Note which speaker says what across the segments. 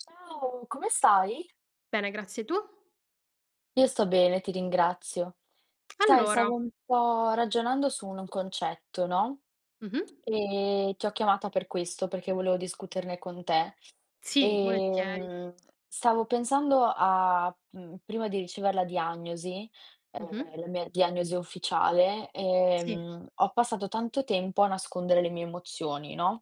Speaker 1: Ciao! Come stai?
Speaker 2: Bene, grazie, tu?
Speaker 1: Io sto bene, ti ringrazio. Sai,
Speaker 2: Allora
Speaker 1: stavo un po' ragionando su un concetto, no?
Speaker 2: Mh-mh.
Speaker 1: Ehm, ti ho chiamata per questo, perché volevo discuterne con te,
Speaker 2: Sì, volentieri.
Speaker 1: ehm, stavo pensando a, mhmm, prima di ricever la diagnosi,
Speaker 2: Mh-mh.
Speaker 1: ehm, la mia diagnosi ufficiale,
Speaker 2: Sì.
Speaker 1: ehm, ho passato tanto tempo a nascondere le mie emozioni, no?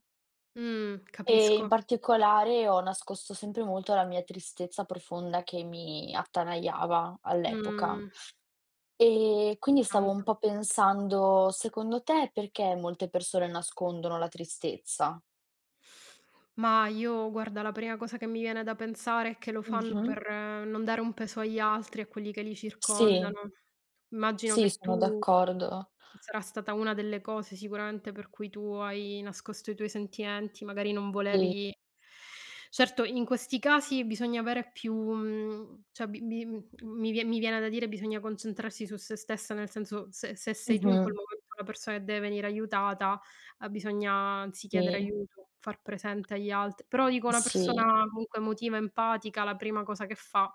Speaker 2: Mh,
Speaker 1: E in
Speaker 2: capisco.
Speaker 1: particolare ho nascosto sempre molto la mia tristezza profonda che mi attanagliava, all'epoca.
Speaker 2: Mh. Mi
Speaker 1: E
Speaker 2: dispiace
Speaker 1: quindi stavo un
Speaker 2: tanto.
Speaker 1: po' pensando, secondo te, perché molte persone nascondono la tristezza?
Speaker 2: Ma io guarda, la prima cosa che mi viene da pensare è che lo fanno
Speaker 1: Mh-mh
Speaker 2: per non dare un peso agli altri, a quelli che li
Speaker 1: Sì.
Speaker 2: circondano. Immagino
Speaker 1: Sì,
Speaker 2: che
Speaker 1: sono
Speaker 2: tu
Speaker 1: d'accordo.
Speaker 2: sarà stata 1 delle cose, sicuramente, per cui tu hai nascosto i tuoi sentimenti, magari non
Speaker 1: Sì.
Speaker 2: volevi certo, in questi casi bisogna avere più mhmm, cioè bi bi mhmm, mi vie mi viene da dire: bisogna concentrarsi su se stessa, nel senso, se se sei tu in quel
Speaker 1: Mh-mh.
Speaker 2: momento una persona e deve venire aiutata, a bisogna, anzi, chiedere
Speaker 1: Sì.
Speaker 2: aiuto, far presente agli alt però dico una
Speaker 1: Sì.
Speaker 2: persona comunque emotiva, empatica, la prima cosa che fa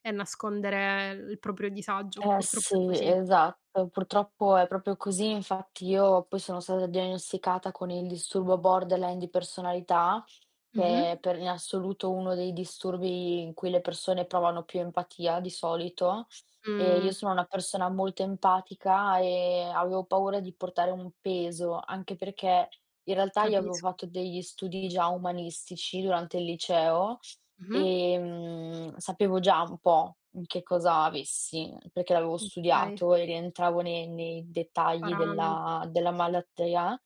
Speaker 2: è nascondere l proprio disagio,
Speaker 1: Eh,
Speaker 2: purtroppo è
Speaker 1: sì,
Speaker 2: così.
Speaker 1: esatto, purtroppo è proprio così. Infatti io poi sono stata diagnosticata con il disturbo borderline di personalità, che
Speaker 2: Mh-mh.
Speaker 1: è per in assoluto uno dei disturbi in cui le persone provano più empatia di solito e io
Speaker 2: Mh.
Speaker 1: sono una persona molto empatica e avevo paura di portare un peso, anche perché in realtà io avevo
Speaker 2: Capisc
Speaker 1: fatto degli studi già umanistici durante il liceo,
Speaker 2: Mh-mh.
Speaker 1: ehm, sapevo già un po' che cosa avessi, perché l'avevo
Speaker 2: Okay.
Speaker 1: studiato e rientravo ne nei dettagli
Speaker 2: Paramet
Speaker 1: della della malattia,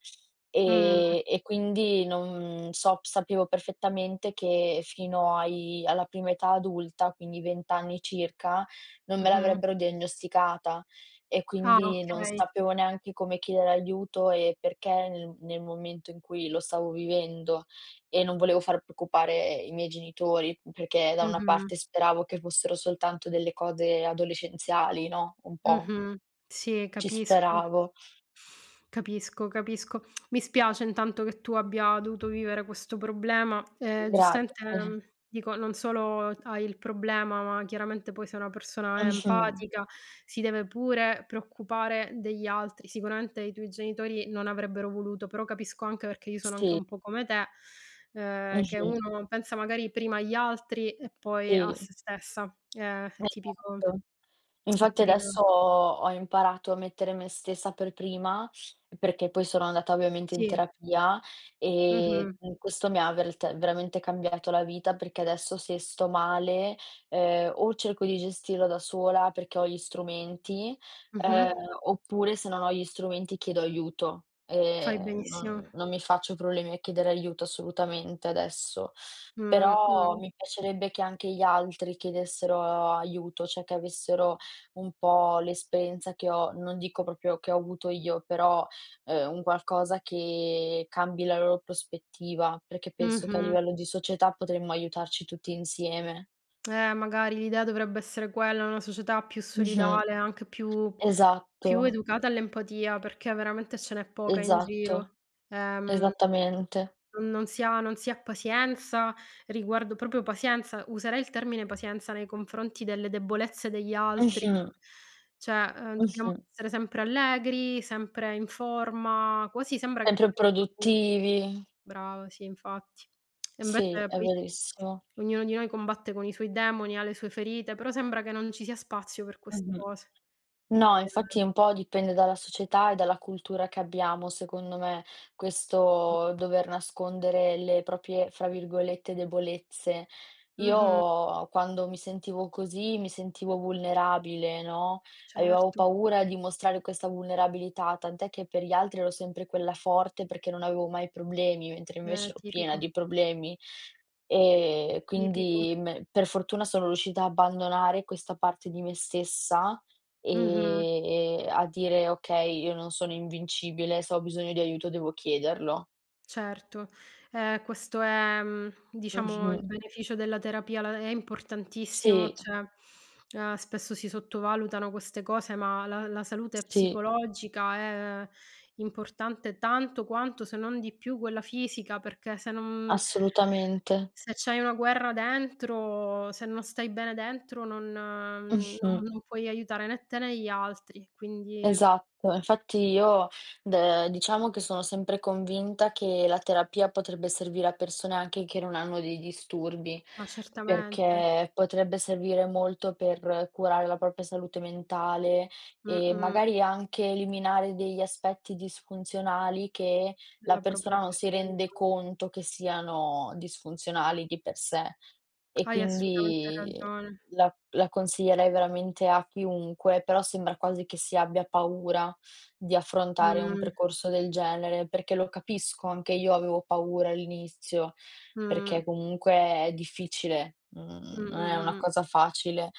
Speaker 2: Mh.
Speaker 1: ehm, e quindi non sob sapevo perfettamente che fino ai alla prima età adulta, quindi 20 anni circa, non me
Speaker 2: Mh-mh.
Speaker 1: l'avrebbero diagnosticata e
Speaker 2: Ah,
Speaker 1: quindi non
Speaker 2: okay.
Speaker 1: sapevo neanche come chiedere aiuto, ehm, perché nel nel momento in cui lo stavo vivendo e non volevo far preoccupare i miei genitori, perché da una
Speaker 2: Mh-mh.
Speaker 1: parte speravo che fossero soltanto delle cose adolescenziali, no, un po'
Speaker 2: Mh-mh. Sì,
Speaker 1: ci
Speaker 2: capisco.
Speaker 1: speravo.
Speaker 2: Capisco, capisco. Mi spiace intanto che tu abbia dovuto vivere questo problema, ehm, giustamente,
Speaker 1: Grazie.
Speaker 2: mhmm, dico non solo t hai il problema, ma chiaramente poi sei una persona
Speaker 1: Mh-mh.
Speaker 2: empatica, si deve pure preoccupare degli altri. Sicuramente i tuoi genitori non avrebbero voluto, però capisco anche perché io sono anche
Speaker 1: Sì.
Speaker 2: un po' come te, ehm, che
Speaker 1: Mh-mh.
Speaker 2: uno pensa magari prima agli altri e poi a
Speaker 1: Sì.
Speaker 2: se stessa, eh, è tipico.
Speaker 1: [unintelligible]
Speaker 2: È
Speaker 1: Infatti
Speaker 2: tipico.
Speaker 1: adesso ho ho imparato a mettere me stessa per prima, perché poi sono andata ovviamente in
Speaker 2: Sì.
Speaker 1: terapia e,
Speaker 2: Mh-mh.
Speaker 1: mhmm, questo mi ha vert veramente cambiato la vita, perché adesso se sto male, uhm, o cerco di gestirlo da sola perché ho gli strumenti,
Speaker 2: Mh-mh.
Speaker 1: ehm, oppure se non ho gli strumenti, chiedo aiuto,
Speaker 2: Fai
Speaker 1: ehm,
Speaker 2: benissimo.
Speaker 1: non non mi faccio problemi a chiedere aiuto assolutamente, adesso. Però
Speaker 2: Mh-mh.
Speaker 1: mi piacerebbe che anche gli altri chiedessero aiuto, cioè che avessero un po' l'esperienza che ho, non dico proprio che ho avuto io, però, ehm, un qualcosa che cambi la loro prospettiva, perché penso che a
Speaker 2: Mh-mh.
Speaker 1: livello di società potremmo aiutarci tutti insieme.
Speaker 2: Eh magari l'idea dovrebbe essere quella, una società più
Speaker 1: Mh-mh.
Speaker 2: solidale, anche più più
Speaker 1: Esatto.
Speaker 2: educata all'empatia, perché veramente ce n'è poca in
Speaker 1: Esatto.
Speaker 2: giro, ehm,
Speaker 1: Esattamente.
Speaker 2: non non si ha non si ha pazienza, riguardo proprio pazienza, userei il termine pazienza nei confronti delle debolezze degli altri.
Speaker 1: Mh-mh.
Speaker 2: Cioè, ehm, dobbiamo
Speaker 1: Mh-mh.
Speaker 2: essere sempre allegri, sempre in forma quasi sembra che
Speaker 1: Sempre
Speaker 2: sia un tabù
Speaker 1: produttivi.
Speaker 2: Brava, sì, infatti. E
Speaker 1: Sì,
Speaker 2: invece
Speaker 1: è
Speaker 2: poi,
Speaker 1: verissimo.
Speaker 2: ognuno di noi combatte con i suoi demoni, ha le sue ferite, però sembra che non ci sia spazio per queste
Speaker 1: Mh-mh.
Speaker 2: cose..
Speaker 1: No, infatti
Speaker 2: [unintelligible]
Speaker 1: un po' dipende dalla società e dalla cultura che abbiamo secondo me, questo dover nascondere le proprie fra virgolette "debolezze."
Speaker 2: Mh-mh.
Speaker 1: Io quando mi sentivo così, mi sentivo vulnerabile, no, avevo
Speaker 2: Certo.
Speaker 1: paura di mostrare questa vulnerabilità, tant'è che per gli altri ero sempre quella forte perché non avevo mai problemi, mentre
Speaker 2: Eh,
Speaker 1: invece ero piena
Speaker 2: tipico.
Speaker 1: di problemi. Ehm, e
Speaker 2: Tipico.
Speaker 1: quindi me per fortuna sono riuscita a abbandonare questa parte di me stessa
Speaker 2: Mh-mh.
Speaker 1: ehm, ehm, a dire: "Okay, io non sono invincibile. Se ho bisogno di aiuto, devo chiederlo."
Speaker 2: Certo, ehm, questo è, mhmm, diciamo
Speaker 1: Mh-mh.
Speaker 2: il beneficio della terapia la è importantissimo,
Speaker 1: Sì.
Speaker 2: cioè, ehm, spesso si sottovalutano queste cose, ma la la salute
Speaker 1: Sì.
Speaker 2: psicologica è importante tanto quanto, se non di più, quella fisica, perché se non
Speaker 1: Assolutamente.
Speaker 2: se c'hai una guerra dentro, se non stai bene dentro, non mhmm,
Speaker 1: Mh-mh.
Speaker 2: non non puoi aiutare né te né gli altri, quindi s
Speaker 1: Esatto. Infatti io d diciamo che sono sempre convinta che la terapia potrebbe servire a persone, anche che non hanno dei disturbi,
Speaker 2: Ma certamente.
Speaker 1: perché potrebbe servire molto per curare la propria salute mentale e
Speaker 2: Mh-mh.
Speaker 1: magari anche eliminare degli aspetti disfunzionali, che la
Speaker 2: Della propria
Speaker 1: persona non si rende
Speaker 2: personalità.
Speaker 1: conto che siano disfunzionali, di per sé. E
Speaker 2: Hai assolutamente
Speaker 1: quindi
Speaker 2: ragione.
Speaker 1: la la consiglierei veramente a chiunque. Però sembra quasi che si abbia paura di affrontare un
Speaker 2: Mh.
Speaker 1: percorso del genere, perché lo capisco. Anche io avevo paura all'inizio,
Speaker 2: Mh.
Speaker 1: perché comunque è difficile.
Speaker 2: Mh,
Speaker 1: Mhmm,
Speaker 2: mh,
Speaker 1: non è una
Speaker 2: mh, mh.
Speaker 1: cosa facile,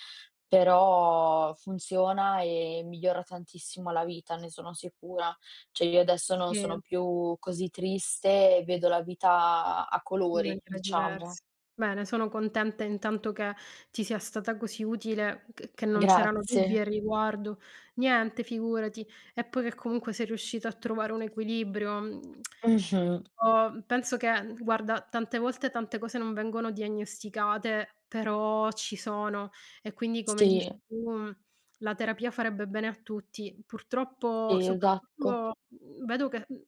Speaker 1: però funziona, e migliora tantissimo la vita. Ne sono sicura. Cioè, io adesso non sono
Speaker 2: Sì.
Speaker 1: più così triste e vedo la vita a
Speaker 2: In
Speaker 1: colori,
Speaker 2: maniera
Speaker 1: diciamo.
Speaker 2: diversa. Bene, sono contenta intanto che ti sia stata così utile, che che non c'erano dubbi
Speaker 1: Grazie.
Speaker 2: al riguardo niente, figurati. E poi che comunque sei riuscita a trovare un equilibrio, mhmm,
Speaker 1: Mh-mh.
Speaker 2: io penso che guarda, tante volte, tante cose non vengono diagnosticate, però ci sono e quindi come dici
Speaker 1: Sì.
Speaker 2: tu, la terapia farebbe bene a tutti. Purtroppo
Speaker 1: Sì, esatto.
Speaker 2: soprattutto, mhmm, vedo che, mhmm,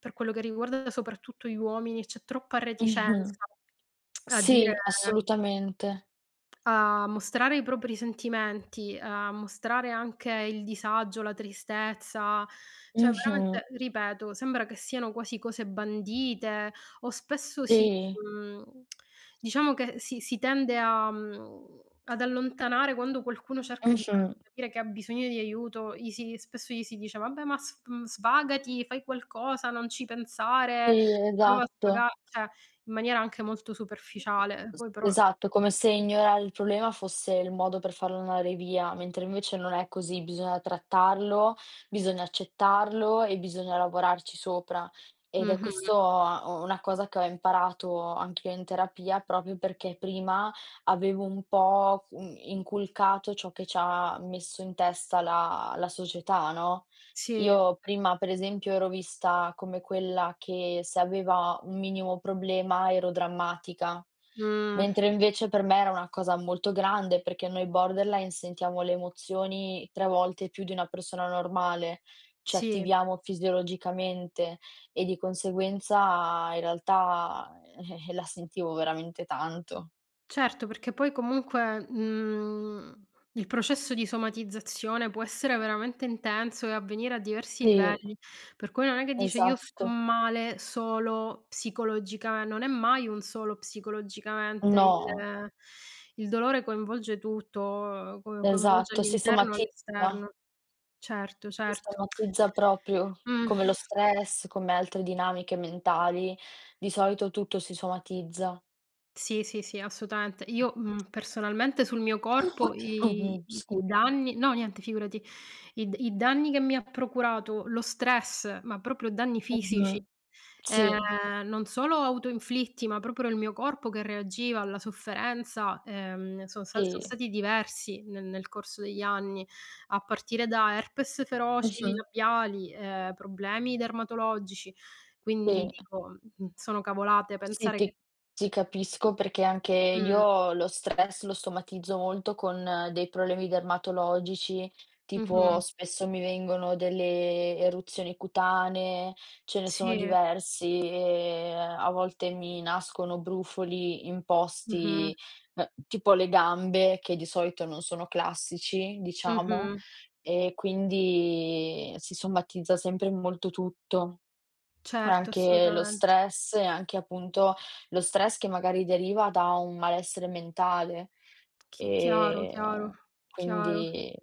Speaker 2: per quello che riguarda soprattutto gli uomini, c'è troppa
Speaker 1: Mh-mh.
Speaker 2: reticenza a dire
Speaker 1: Sì, assolutamente.
Speaker 2: A mostrare i propri sentimenti, a mostrare anche il disagio, la tristezza, cioè
Speaker 1: Mh-mh.
Speaker 2: veramente, ripeto, sembra che siano quasi cose bandite o spesso si,
Speaker 1: Sì.
Speaker 2: mhmm, diciamo che si si tende a mhmm, ad allontanare quando qualcuno cerca di farsi
Speaker 1: Mh-mh.
Speaker 2: capire che ha bisogno di aiuto, gli si spesso gli si dice: "Vabbè, ma sv svagati, fai qualcosa, non ci pensare,
Speaker 1: Sì,
Speaker 2: prova a
Speaker 1: esatto.
Speaker 2: svaga", cioè in maniera anche molto
Speaker 1: [unintelligible]
Speaker 2: superficiale, poi però
Speaker 1: esatto. Come se ignorare il problema fosse il modo per farlo andare via, mentre invece non è così. Bisogna trattarlo, bisogna accettarlo e bisogna lavorarci sopra. Ed è questo,
Speaker 2: Mh-mh.
Speaker 1: uhm, una cosa che ho imparato anch'io in terapia. Proprio perché prima avevo un po', mhmm, inculcato ciò che ci ha messo in testa la la società, no.
Speaker 2: Sì.
Speaker 1: Io prima pre esempio, ero vista come quella che se aveva un minimo problema, ero drammatica.
Speaker 2: Mh.
Speaker 1: Mentre invece per me era una cosa molto grande, perché noi borderline sentiamo le emozioni 3 volte più di una persona normale, ci
Speaker 2: Sì.
Speaker 1: attiviamo fisiologicamente e di conseguenza, in realtà, eh-eh, la sentivo veramente tanto.
Speaker 2: Certo, perché poi comunque, uhm, il processo di somatizzazione può essere veramente intenso e avvenire a diversi
Speaker 1: Sì.
Speaker 2: livelli, per cui non è che dice io sto
Speaker 1: Esatto.
Speaker 2: male solo psicologica non è mai un solo psicologicamente il
Speaker 1: No.
Speaker 2: il dolore coinvolge tutto, ehm, co coinvolge
Speaker 1: Esatto. Si
Speaker 2: all'interno e
Speaker 1: somatizza.
Speaker 2: all'esterno. Certo,
Speaker 1: Si
Speaker 2: certo.
Speaker 1: somatizza proprio,
Speaker 2: Uhm.
Speaker 1: come lo stress, come altre dinamiche mentali. Di solito tutto si somatizza.
Speaker 2: Sì, sì, sì, assolutamente. Io, uhm, personalmente sul mio corpo i
Speaker 1: Mh-mh,
Speaker 2: i i
Speaker 1: scusa.
Speaker 2: danni no niente, figurati, i d i danni che mi ha procurato lo stress, ma proprio danni fisici,
Speaker 1: Origina, sì.
Speaker 2: ehm, non solo auto-inflitti, ma proprio era il mio corpo che reagiva alla sofferenza, ehm, son sta so'
Speaker 1: Sì.
Speaker 2: stati diversi ne nel corso degli anni, a partire da herpes feroci,
Speaker 1: Mh-mh.
Speaker 2: labiali, ehm, problemi dermatologici; quindi
Speaker 1: Sì.
Speaker 2: dico, uhm, sono cavolate
Speaker 1: Sì,
Speaker 2: pensare che
Speaker 1: ti ti capisco perché anche
Speaker 2: Mh.
Speaker 1: io lo stress lo somatizzo molto con dei problemi dermatologici, tipo
Speaker 2: Mh-mh.
Speaker 1: spesso mi vengono delle eruzioni cutanee. Ce ne sono
Speaker 2: Sì.
Speaker 1: diversi e a volte mi nascono brufoli in
Speaker 2: Mh-mh.
Speaker 1: posti beh, tipo le gambe, che di solito non sono classici, diciamo
Speaker 2: Mh-mh.
Speaker 1: e quindi si somatizza sempre molto tutto.
Speaker 2: Certo,
Speaker 1: Anche lo
Speaker 2: assolutamente.
Speaker 1: stress e anche appunto lo stress che magari deriva da un malessere mentale.
Speaker 2: Chi chiaro,
Speaker 1: Ehm,
Speaker 2: chiaro. Chiaro.
Speaker 1: quindi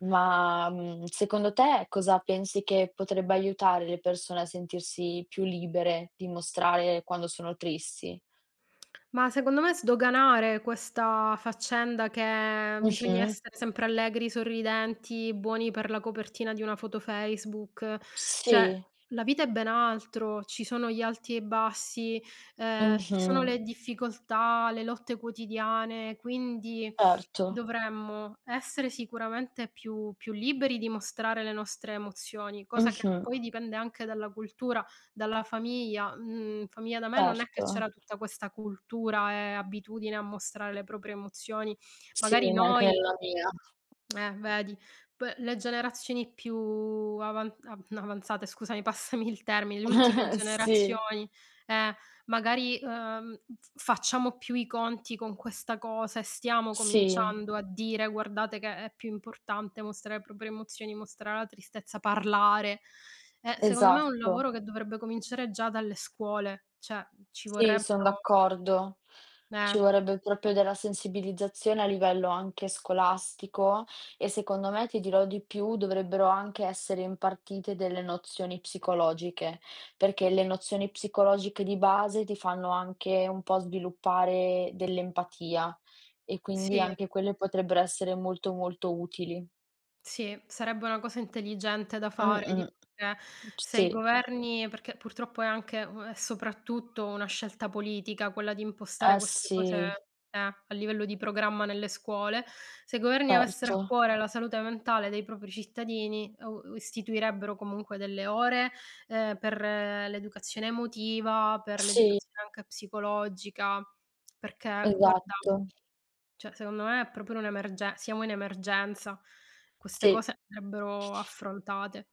Speaker 1: ma, mhmm, secondo te cosa pensi che potrebbe aiutare le persone a sentirsi più libere di mostrare quando sono tristi?
Speaker 2: Ma secondo me sdoganare questa faccenda che bisogna
Speaker 1: Mh-mh.
Speaker 2: essere sempre allegri, sorridenti, buoni per la copertina di una foto Facebook; cioè
Speaker 1: Sì.
Speaker 2: la vita è ben altro. Ci sono gli alti e i bassi, ehm, ci sono
Speaker 1: Mh-mh.
Speaker 2: le difficoltà, le lotte quotidiane; quindi,
Speaker 1: Erto.
Speaker 2: dovremmo essere sicuramente più più liberi di mostrare le nostre emozioni, cosa che
Speaker 1: Mh-mh.
Speaker 2: poi dipende anche dalla cultura, dalla famiglia. Uhm, famiglia da me non è che
Speaker 1: Certo.
Speaker 2: c'era tutta questa cultura e abitudine a mostrare le proprie emozioni.
Speaker 1: Sì,
Speaker 2: Magari
Speaker 1: ma anche
Speaker 2: noi
Speaker 1: nella mia.
Speaker 2: Eh vedi. P le generazioni più avan av no, avanzate, scusami, passami il termine, le ultime
Speaker 1: Sì.
Speaker 2: generazioni, eh, magari, uhm, f facciamo più i conti con questa cosa e stiamo
Speaker 1: Sì.
Speaker 2: cominciando a dire: "Guardate che è più importante mostrare le proprie emozioni, mostrare la tristezza, parlare." E secondo me è un
Speaker 1: Esatto.
Speaker 2: lavoro che dovrebbe cominciare già dalle scuole; cioè, uhm, ci
Speaker 1: Sì, son
Speaker 2: vorrebbero
Speaker 1: d'accordo. Ci
Speaker 2: Meh.
Speaker 1: vorrebbe proprio della sensibilizzazione a livello anche scolastico, e secondo me, ti dirò di più, dovrebbero anche essere impartite delle nozioni psicologiche, perché le nozioni psicologiche di base ti fanno anche un po' sviluppare dell'empatia, e quindi
Speaker 2: Sì.
Speaker 1: anche quelle potrebbero essere molto, molto utili.
Speaker 2: Sì, sarebbe una cosa intelligente da fare
Speaker 1: Mh-mh.
Speaker 2: [unintelligible]
Speaker 1: M
Speaker 2: se i
Speaker 1: sì.
Speaker 2: governi perché, purtroppo, è anche, ehm, è soprattutto una scelta politica, quella di impostare
Speaker 1: Eh,
Speaker 2: queste cose
Speaker 1: sì.
Speaker 2: eh, a livello di programma nelle scuole. Se i governi avessero a
Speaker 1: Erto.
Speaker 2: cuore la salute mentale dei propri cittadini, o u istituirebbero, comunque, delle ore, ehm, per l'educazione emotiva, per
Speaker 1: Sì.
Speaker 2: l'educazione anche psicologica. Perché, guarda,
Speaker 1: Esatto.
Speaker 2: cioè, secondo me, è proprio un'emerge siamo in emergenza. Queste
Speaker 1: Sì.
Speaker 2: cose andrebbero affrontate.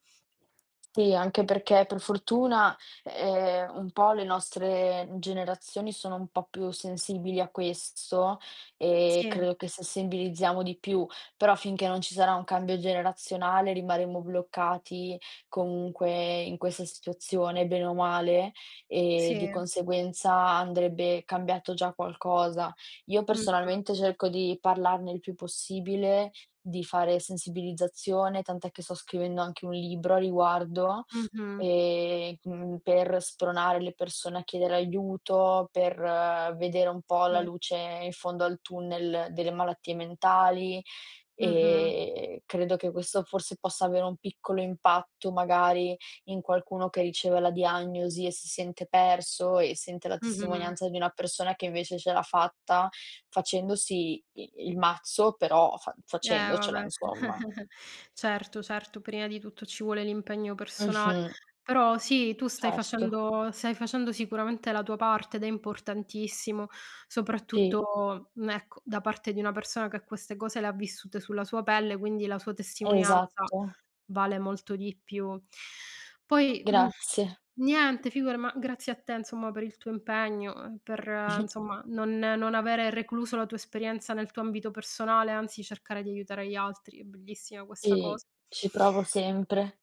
Speaker 1: Sì, anche perché, per fortuna, ehm, un po' le nostre generazioni sono un po' più sensibili a questo e
Speaker 2: Sì.
Speaker 1: credo che sensibilizziamo di più. Però, finché non ci sarà un cambio generazionale, rimarremo bloccati, comunque, in questa situazione, bene o male, e, di
Speaker 2: Sì.
Speaker 1: conseguenza, andrebbe cambiato già qualcosa. Io,
Speaker 2: Mh-mh.
Speaker 1: personalmente, cerco di parlarne il più possibile, di fare sensibilizzazione, tant'è che sto scrivendo anche un libro a riguardo,
Speaker 2: Mh-mh.
Speaker 1: e, mhmm, per spronare le persone a chiedere aiuto, per vedere un po' la
Speaker 2: Sì.
Speaker 1: luce in fondo al tunnel delle malattie mentali.
Speaker 2: Mh-mh.
Speaker 1: E credo che questo forse possa avere un piccolo impatto, magari, in qualcuno che riceve la diagnosi e si sente perso e sente la
Speaker 2: Mh-mh.
Speaker 1: testimonianza di una persona che invece ce l'ha fatta, facendosi i il mazzo, però, fa
Speaker 2: Eh,
Speaker 1: facendocela,
Speaker 2: vabbè.
Speaker 1: insomma.
Speaker 2: Certo, certo. Prima di tutto, ci vuole l'impegno persona
Speaker 1: Mh-mh.
Speaker 2: però, sì, tu stai
Speaker 1: Certo.
Speaker 2: facendo stai facendo sicuramente la tua parte ed è importantissimo,
Speaker 1: Ti
Speaker 2: soprattutto, mhmm, ecco, da parte di una persona che queste cose le ha vissute sulla sua pelle, quindi, la sua testimonianza
Speaker 1: Esatto.
Speaker 2: vale molto di più. Poi, mhmm
Speaker 1: Grazie.
Speaker 2: Niente, figura ma, grazie a te, insomma per il tuo impegno, per, insomma, non non avere recluso la tua esperienza nel tuo ambito personale. Anzi, cercare di aiutare gli altri, è bellissima questa cos
Speaker 1: Sì, ci provo sempre.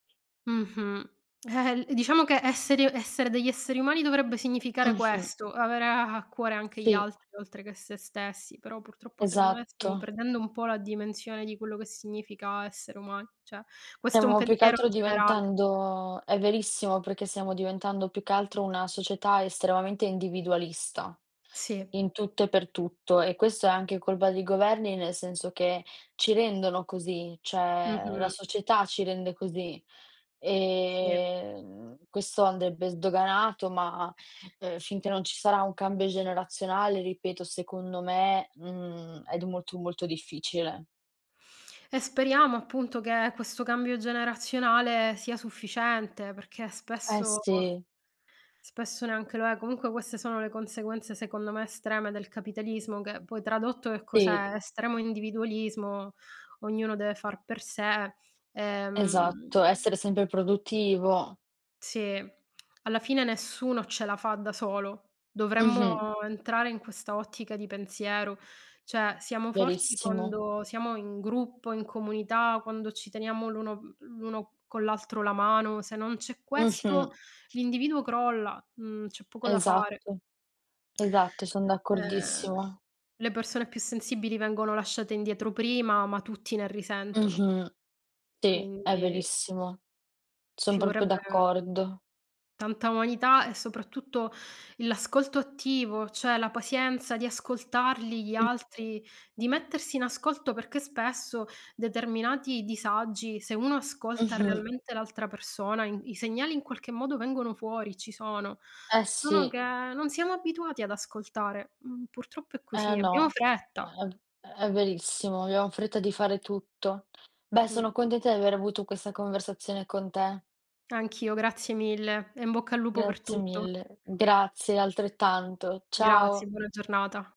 Speaker 2: Mh-mh. Eh-eh, diciamo che esseri essere degli esseri umani, dovrebbe significare
Speaker 1: Mh-mh.
Speaker 2: questo, avere a a cuore anche gli
Speaker 1: Sì.
Speaker 2: altri oltre che se stessi, però purtroppo secondo me stiamo
Speaker 1: Esatto.
Speaker 2: perdendo un po' la dimensione, di quello che significa essere umani, cioè questo è, un
Speaker 1: Stiamo più che
Speaker 2: pensiero
Speaker 1: altro,
Speaker 2: generale.
Speaker 1: diventando è verissimo, perché stiamo diventando, più che altro una società estremamente individualista,
Speaker 2: Sì.
Speaker 1: in tutto e per tutto. E questo è anche colpa dei governi, nel senso che ci rendono così. Cioè la
Speaker 2: Mh-mh.
Speaker 1: società ci rende così,
Speaker 2: Sì.
Speaker 1: e, mhmm, questo andrebbe sdoganato, ma, ehm, finché non ci sarà un cambio generazionale, ripeto, secondo me, mhmm, è d molto, molto difficile.
Speaker 2: E speriamo appunto, che questo cambio generazionale sia sufficiente, perché
Speaker 1: Eh,
Speaker 2: spesso
Speaker 1: sì.
Speaker 2: spesso neanche lo è, comunque queste sono le conseguenze, secondo me estreme del capitalismo, che poi tradotto che
Speaker 1: Sì.
Speaker 2: cos'è? Estremo individualismo, ognuno deve far per sé, ehm
Speaker 1: Esatto, essere sempre produttivo.
Speaker 2: Sì, alla fine nessuno ce la fa da solo. Dovremmo,
Speaker 1: Mh-mh.
Speaker 2: entrare in questa ottica di pensiero cioè siamo forti,
Speaker 1: Verissimo.
Speaker 2: quando siamo in gruppo, in comunità, quando ci teniamo l'uno mhmm, l'uno con l'altro la mano, se non c'è
Speaker 1: Mh-mh.
Speaker 2: questo, l'individuo crolla, mhmm, c'è poco da fare.
Speaker 1: Esatto. Esatto, son
Speaker 2: Eh.
Speaker 1: d'accordissimo.
Speaker 2: Le persone più sensibili vengono lasciate indietro prima, ma tutti ne risentono.
Speaker 1: Mh-mh. Sì, è
Speaker 2: Quindi
Speaker 1: verissimo, sono
Speaker 2: ci
Speaker 1: proprio
Speaker 2: vorrebbe
Speaker 1: d'accordo.
Speaker 2: tanta umanità e soprattutto l'ascolto attivo, cioè la pazienza di ascoltarli gli
Speaker 1: Mh-mh.
Speaker 2: altri, di mettersi in ascolto perché spesso, determinati disagi, se uno ascolta
Speaker 1: Mh-mh.
Speaker 2: realmente l'altra persona, i i segnali in qualche modo vengono fuori, ci sono.
Speaker 1: Eh,
Speaker 2: Solo che,
Speaker 1: sì.
Speaker 2: non siamo abituati ad ascoltare, mhmm, purtroppo è
Speaker 1: Eh,
Speaker 2: così, abbiamo
Speaker 1: no, è
Speaker 2: fretta.
Speaker 1: v è verissimo, abbiamo fretta di fare tutto. Beh, sono
Speaker 2: Mh-mh.
Speaker 1: contenta di aver avuto questa conversazione con te.
Speaker 2: Anch'io, grazie mille, e in bocca al lupo per
Speaker 1: Grazie
Speaker 2: tutto.
Speaker 1: mille. Grazie, altrettanto,
Speaker 2: Grazie.
Speaker 1: ciao.
Speaker 2: Buona giornata.